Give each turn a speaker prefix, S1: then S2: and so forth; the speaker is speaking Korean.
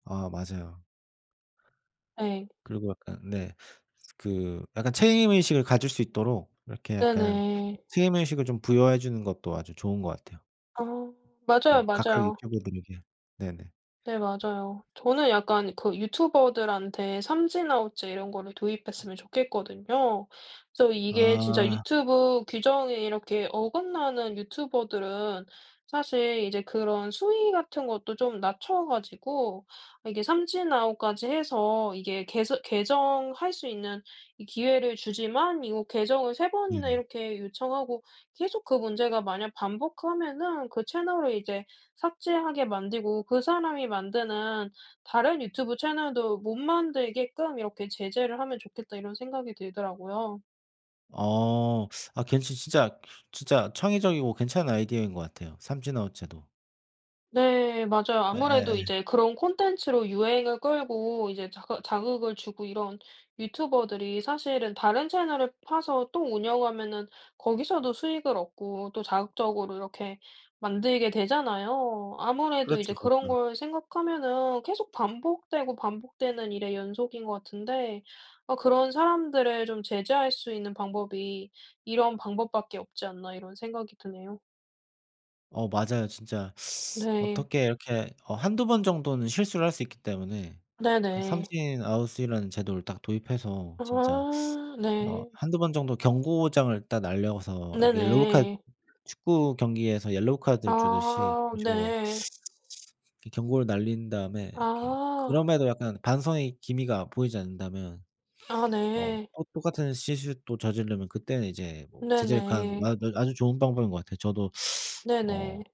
S1: 아 맞아요.
S2: 예.
S1: 그리고 약간 네 그 약간 책임의식을 가질 수 있도록 이렇게 약간
S2: 네네.
S1: 책임의식을 좀 부여해 주는 것도 아주 좋은 것 같아요.
S2: 아 맞아요,
S1: 그 각각
S2: 맞아요.
S1: 유튜버들에게. 네네.
S2: 네, 맞아요. 저는 약간 그 유튜버들한테 삼진 아웃제 이런 거를 도입했으면 좋겠거든요. 그래서 이게 진짜
S1: 아.
S2: 유튜브 규정이 이렇게 어긋나는 유튜버들은 사실 이제 그런 수위 같은 것도 좀 낮춰 가지고 이게 삼진 아웃까지 해서 이게 개선 개정할 수 있는 이 기회를 주지만 이거 개정을 3 번이나
S1: 네네.
S2: 이렇게 요청하고 계속 그 문제가 만약 반복하면은 그 채널을 이제 삭제하게 만들고 그 사람이 만드는 다른 유튜브 채널도 못 만들게끔 '이렇게 제재를 하면 좋겠다.' 이런 생각이 들더라고요.
S1: 어, 어 괜찮 진짜 진짜 창의적이고 괜찮은 아이디어인 것 같아요 삼진 아웃 제도.
S2: 네, 맞아요. 아무래도
S1: 예예예.
S2: 이제 그런 콘텐츠로 유행을 끌고 이제 자극 자극을 주고 이런 유튜버들이 사실은 다른 채널을 파서 또 운영하면은 거기서도 수익을 얻고 또 자극적으로 이렇게 만들게 되잖아요. 아무래도 이제
S1: 그렇죠,
S2: 그런
S1: 그렇죠.
S2: 걸 생각하면은 계속 반복되고 반복되는 일의 연속인 것 같은데 어 '그런 사람들을 좀 제재할 수 있는 방법이 이런 방법밖에 없지 않나?' 이런 생각이 드네요.
S1: 어 맞아요. 진짜
S2: 네.
S1: 어떻게 이렇게 어 1-2 번 정도는 실수를 할 수 있기 때문에 그
S2: 네네.
S1: 삼진 아웃이라는 제도를 딱 도입해서 진짜
S2: 아
S1: 어
S2: 네.
S1: 1-2 번 정도 경고장을 딱 날려서 어 옐로우 카드
S2: 네네.
S1: 축구 경기에서 옐로우 카드를 주듯이
S2: 아,
S1: 이런 식으로
S2: 네.
S1: 이 경고를 날린 다음에 이렇게
S2: 아.
S1: 그럼에도 약간 반성의 기미가 보이지 않는다면
S2: 아,
S1: 어
S2: 네.
S1: 또 똑같은 실수 또 저지르면 그때는 이제 뭐 제재를 가하는 거
S2: 네네.
S1: 아 아 아주 좋은 방법인 것 같아요. 저도 어.
S2: 네네.